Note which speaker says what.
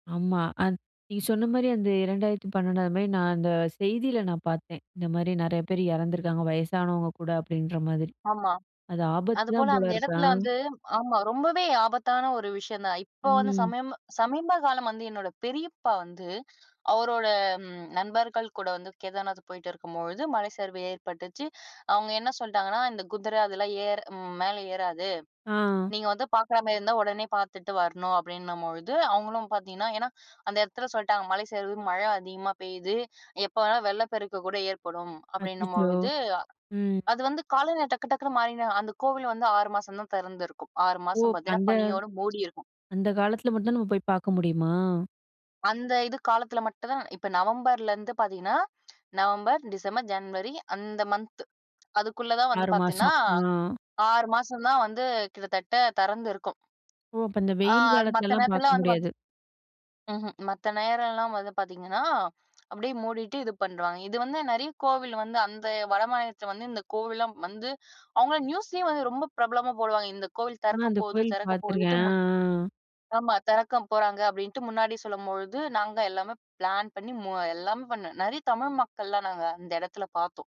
Speaker 1: ஆமா. அத் நீங்க சொன்னமாரியே அந்த 2012 அந்த மாரி நா அந்த செய்தியில நா பார்த்தேன். இந்த மாரி நெறைய பேர் இறந்துருக்காங்க, வயசானவுங்க கூட." அப்படீன்ற மாதிரி.
Speaker 2: ஆமா.
Speaker 1: அது
Speaker 2: அதுபோல
Speaker 1: ஆபத்துதான் போல
Speaker 2: அந்த
Speaker 1: இருக்கு. ஆ.
Speaker 2: இடத்துல வந்து ஆமா. ரொம்பவே ஆபத்தான ஒரு விஷயம் தான். இப்ப வந்து
Speaker 1: ம்.
Speaker 2: சமயம் சமீப காலம் வந்து என்னோட பெரியப்பா வந்து, அவரோட நண்பர்கள் கூட வந்து கேதார்நாத் போயிட்டு இருக்கும்பொழுது மலை சரிவு ஏற்பட்டுச்சு. அவுங்க என்ன சொல்ட்டாங்கன்னா, "இந்த குதிரை அதெல்லாம் ஏர் ம் மேல ஏறாது.
Speaker 1: ஆ.
Speaker 2: நீங்க வந்து பார்க்குறமாரி இருந்தா உடனே பார்த்துட்டு வரணும்." அப்படீன்னும்பொழுது, அவுங்களும் பார்த்தீங்கன்னா ஏன்னா அந்த இடத்துல சொல்ட்டாங்க, "மலை சரிவு. மழை அதிகமா பெய்யுது. எப்ப வேணாலும் வெள்ளப்பெருக்கு கூட ஏற்படும்."
Speaker 1: அச்சச்சோ!
Speaker 2: அப்படீன்னும்பொழுது
Speaker 1: ம்.
Speaker 2: அது வந்து காலநிலை டக்கு டக்குன்னு மாறினே அந்த கோவில் வந்து 6 மாசம் தான் தெறந்திருக்கும். 6
Speaker 1: ஓ!
Speaker 2: மாசம் பார்த்தீங்கன்னா,
Speaker 1: அந்த
Speaker 2: பனியோட மூடியிருக்கும்.
Speaker 1: அந்த காலத்தில மட்டும் தான் நம்ம போய் பார்க்க முடியுமா?
Speaker 2: அந்த இது காலத்தில மட்டும் தான் இப்ப நவம்பர்ல இருந்து பார்த்தீங்கன்னா, நவம்பர், டிசம்பர், ஜன்வரி அந்த மன்த் அதுக்குள்ள தான் வந்து
Speaker 1: 6
Speaker 2: பார்த்தீன்னா
Speaker 1: மாசம். ஆ.
Speaker 2: 6 மாசம் தான் வந்து கிட்டத்தட்ட தெறந்து இருக்கும்.
Speaker 1: ஓ! அப்ப இந்த
Speaker 2: ஆ
Speaker 1: வெயில்
Speaker 2: மத்த
Speaker 1: காலத்துலலாம்
Speaker 2: நேரத்தில்லாம்
Speaker 1: பார்க்க
Speaker 2: வந்து
Speaker 1: முடியாது.
Speaker 2: பாத் ம்ஹ்ம். மத்த நேரம்லாம் வந்து பார்த்தீங்கன்னா, அப்படியே மூடிட்டு இது பண்றுவாங்க. இது வந்து நெறைய கோவில் வந்து, அந்த வடமாநிலத்தில வந்து இந்த கோவில்லாம் வந்து அவுங்கள்லாம் நியூஸ்லேயும் வந்து ரொம்ப பிரபலமா போடுவாங்க. இந்த கோவில்
Speaker 1: நா
Speaker 2: தெறக்க
Speaker 1: அந்த
Speaker 2: போகுது!
Speaker 1: கோயில்
Speaker 2: திறக்க போகுதுன்ட்டு
Speaker 1: பார்த்துருக்கேன்.
Speaker 2: முன்
Speaker 1: ஆ, ஆ.
Speaker 2: ஆமா. "தெறக்க போறாங்க." அப்படீன்ட்டு முன்னாடி சொல்லும்பொழுது, நாங்க எல்லாமே பிளான் பண்ணி மு எல்லாமே பண்ணேன். நெறைய தமிழ் மக்கள்லாம் நாங்க அந்த எடத்துல பார்த்தோம்.